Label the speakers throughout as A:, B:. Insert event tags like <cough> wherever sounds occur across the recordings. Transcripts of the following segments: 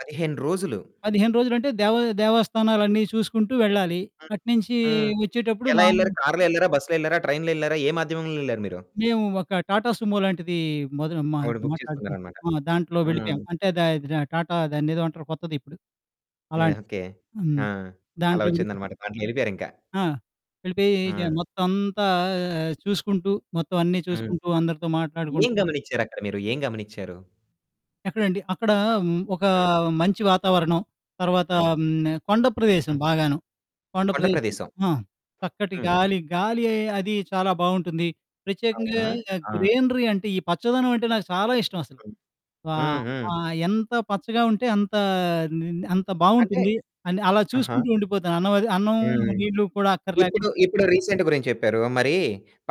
A: 15 రోజులు.
B: 15 రోజులంటే దేవ దేవస్థానాలన్నీ చూసుకుంటూ వెళ్ళాలి,
A: హ్మ్.
B: అటునుంచి
A: హ్మ్.
B: వచ్చేటప్పుడు
A: ఎలా
B: మా
A: ఎళ్లారు కారులో ఎళ్లారా? బసులో ఎళ్లారా? ట్రైన్‌లో ఎళ్లారా? ఏ మాధ్యమంలో ఎళ్లారు మీరు?
B: మేము ఒక టాటా సుమో లాంటిది మొదను మా
A: ఒకటి బుక్
B: మాట్లాడుకున్నాం.
A: చేసుకున్నారన్నమాట.
B: ఆహ్, దాంట్లో
A: ఆ!
B: వెళ్ళిపోయాం. అంటే దా దా టాటా దాన్నేదో అంటారు కొత్తది ఇప్పుడు.
A: యాహ్!
B: అలాంటిది
A: ఓకె.
B: హ్మ్.
A: ఆ! అలా
B: దాంట్లో వెళ్ళిపో
A: వచ్చిందన్నమాట దాంట్లో ఎళ్ళిపోయారింకా.
B: ఆ! వెళ్ళిపోయి ఎజా
A: ఆ!
B: మొత్తమంతా ఆహ్, చూసుకుంటూ మొత్తం అన్నీ
A: హ్మ్.
B: చూసుకుంటూ అందరితో మాట్లాడుకుంటూ
A: ఏం గమనిచ్చారక్కడ మీరు? ఏం గమనిచ్చారు?
B: ఎక్కడండి అక్కడ ఒక
A: హ్మ్.
B: మంచి వాతావరణం, తర్వాత
A: హ్మ్.
B: హ్మ్. కొండ ప్రదేశం
A: హ్మ్.
B: బాగాను. కొండ
A: కొండ
B: ప్రదేశం
A: ప్రదేశం.
B: ఆ! చక్కటి
A: హ్మ్.
B: గాలి, గాలి అది చాలా బావుంటుంది. ప్రత్యేకంగా
A: అవునా! ఆ!
B: గ్రీనరీ అంటే, ఈ పచ్చదనం అంటే నాకు చాలా ఇష్టం అసలు
A: హ్మ్. హ్మ్.
B: ఆహ్,
A: హ్మ్.
B: ఆహ్, ఎంత పచ్చగా ఉంటే అంత నీ నీ అంత
A: అంటే
B: బావుంటుంది, అని అలా
A: ఆహా!
B: చూసుకుంటూ ఉండిపోతాను అన్నం అది అన్నం,
A: హ్మ్.
B: నీళ్లు కూడా
A: ఇప్పుడు,
B: అక్కర్లేకుండా.
A: ఇప్పుడు రీసెంట్ గురించి చెప్పారు. మరి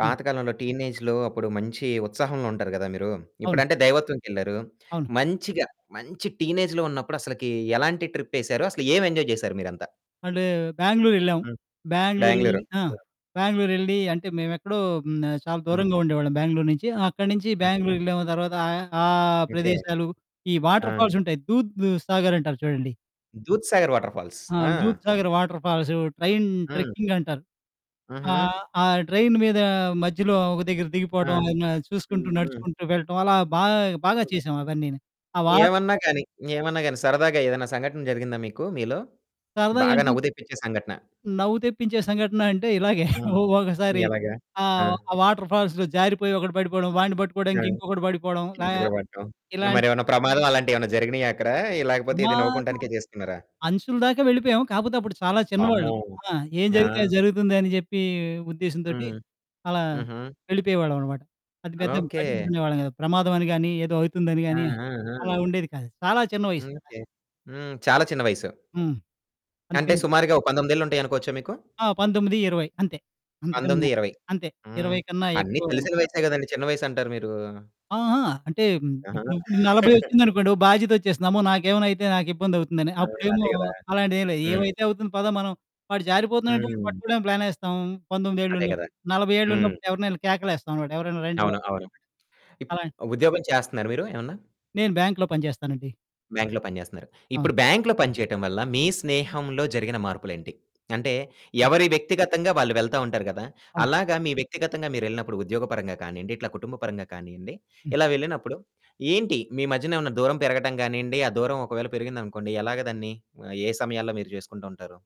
B: ఆ!
A: టీనేజ్‌లో అప్పుడు మంచి ఉత్సాహంలో ఉంటారు కదా! మీరు.
B: అవును.
A: ఇప్పుడంటే దైవత్వంకెళ్లారు.
B: అవును.
A: మంచిగా, మంచి టీనేజ్‌లో ఉన్నప్పుడు అసలకి ఎలాంటి ట్రిప్ ఏసారు? అసలు ఏం ఎంజాయ్ చేసారు మీరంతా?
B: అండు బెంగుళూర్ ఎళ్ళాం,
A: హ్మ్,
B: బెంగుళూరెళ్ళి
A: బెంగుళూరు.
B: ఆ!
A: హ్మ్.
B: బెంగుళూరెళ్ళి అంటే మేము ఎక్కడో హ్మ్. ఆహ్, చాలా
A: హ్మ్.
B: దూరంగా ఉండేవాళ్ళం బెంగుళూరు నుంచి. అక్కడి నుంచి
A: హుహు.
B: బెంగుళూర్ ఎళ్ళాము తర్వాత ఆహ్, ఆ
A: ఓకె.
B: ప్రదేశాలు ఈ వాటర్
A: ఆ!
B: ఫాల్సుంటాయి. దూద్ సాగర్ అంటారు చూడండి.
A: దూద్‌సాగర్ వాటర్‌ఫాల్స్
B: ఆ!
A: ఆ!
B: Dudh Sagar waterfalls train
A: హ్మ్.
B: ట్రెక్కింగ్ అంటారు.
A: హుహు.
B: ఆహ్, ఆ ట్రైన్ మీద మధ్యలో ఒక దగ్గర
A: ఆ!
B: దిగిపోవడం ఏమైనా చూసుకుంటూ,
A: హ్మ్. హ్మ్.
B: నడుచుకుంటూ వెళ్ళటం అలా బాగా, బాగా
A: హ్మ్.
B: చేశాం అవన్నీను. ఆ వాటర్
A: ఏవన్నా
B: ఫాల్స్
A: గాని, ఏమన్నా గాని సరదాగా ఏదైనా సంఘటన జరిగిందా మీకు మీలో? బాగా
B: సరదాగంటే
A: నవ్వు తెప్పించే సంఘటన.
B: నవ్వు తెప్పించే సంఘటన అంటే, ఇలాగే
A: ఆ!
B: <chuckles> ఒకసారి
A: ఎలాగా ఆ!
B: ఆహ్, ఆ వాటర్ ఫాల్స్‌లో జారిపోయి ఒకడు పడిపోవడం, వాడిని
A: ఆ!
B: పట్టుకోవడానికి ఇంకొకడు పడిపోవడం లా
A: కిందలో పడ్డం మరి
B: ఇలాంటివి.
A: ఏమైనా ప్రమాదం అలాంటివి ఏమైనా జరిగినాయా అక్కడ లేకపోతే ఏదో
B: ప్రమాదం.
A: నవ్వుకుంటానికే చేసుకున్నారా?
B: అంచుల దాకా వెళ్ళిపోయాము, కాకపోతే అప్పుడు చాలా
A: వామ్మో!
B: చిన్నవాళ్ళం. ఆ! ఏం జరిగితే అది
A: ఆ!
B: జరుగుతుంది అని చెప్పి ఉద్దేశ్యం తోటి,
A: హ్మ్.
B: అలా
A: హుహు.
B: వెళ్ళిపోయేవాళ్ళం అన్నమాట. అది పెద్దగా
A: ఓకె.
B: పట్టించుకునేవాళ్ళం కాదు, ప్రమాదం అని గాని, ఏదో అవుతుంది అని
A: ఆ!
B: గాని
A: ఆ!
B: అలా
A: ఆ!
B: ఉండేది కాదు చాలా చిన్న వయసు కదా!
A: అందుకే హ్మ్. చాలా చిన్న వయసు.
B: హ్మ్.
A: అంటే
B: అందుకని
A: సుమారుగా ఓ 19 ఏళ్ళు ఉంటాయనుకోవచ్చా మీకు?
B: ఆ! 19, 20 అంతే, అంతకన్నా
A: 19, 20
B: అంతే
A: హ్మ్.
B: 20 కన్నా
A: అన్ని
B: ఎక్కువ
A: తెలిసిన వయసే కదండీ చిన్న వయస్సు అంటారు మీరు.
B: ఆహా! అంటే
A: ఆహా!
B: ఇప్పుడు 40
A: <chuckles>
B: వచ్చిందనుకోండి ఓ బాధ్యత ఒచ్చేస్తది. అమ్మో! నాకేమైనా అయితే నాకు ఇబ్బంది అవుతుందని.
A: ఆ!
B: అప్పుడేమో
A: అదే కదా!
B: అలాంటిది ఏమి లేదు,
A: హ్మ్.
B: ఏమైతే అవుతుంది పద మనం వాడు జారిపోతున్నాడు అంటే
A: హ్మ్.
B: పట్టుకోవడానికి ప్లానేస్తాం 19 ఏళ్ళు
A: అదే గదా!
B: ఉన్నప్పుడు. 40 ఏళ్ళు
A: హ్మ్.
B: ఉన్నప్పుడు, ఎవరినైనా కేకలెస్తాం ఎవరైనా రండి బాబు
A: అవును. అవును.
B: <unintelligible> అలాన్
A: ఇప్పుడు ఉద్యోగం చేస్తున్నారా మీరు ఏమన్నా?
B: నేను బ్యాంక్‌లో పని చేస్తానండి.
A: బ్యాంక్‌లో పని చేస్తున్నారు.
B: అవును.
A: ఇప్పుడు బ్యాంక్‌లో పని చేయటం వల్ల మీ స్నేహంలో జరిగిన మార్పులు ఏంటి? అంటే
B: హ్మ్.
A: ఎవరి వ్యక్తిగతంగా వాళ్ళు వెళ్తా ఉంటారు కదా!
B: అవును.
A: అలాగా మీ వ్యక్తిగతంగా మీరెళ్ళినప్పుడు, ఉద్యోగ పరంగా కానియండి, ఇట్లా కుటుంబ పరంగా కానియండి.
B: హ్మ్.
A: ఇలా వెళ్ళినప్పుడు ఏంటి మీ మధ్యన ఏమైనా దూరం పెరగటం కానియండి, ఆ దూరం ఒకవేళ పెరిగింది అనుకోండి ఎలాగా దాన్ని? ఆహ్, ఏ సమయంలో మీరు చేసుకుంటూ ఉంటారు?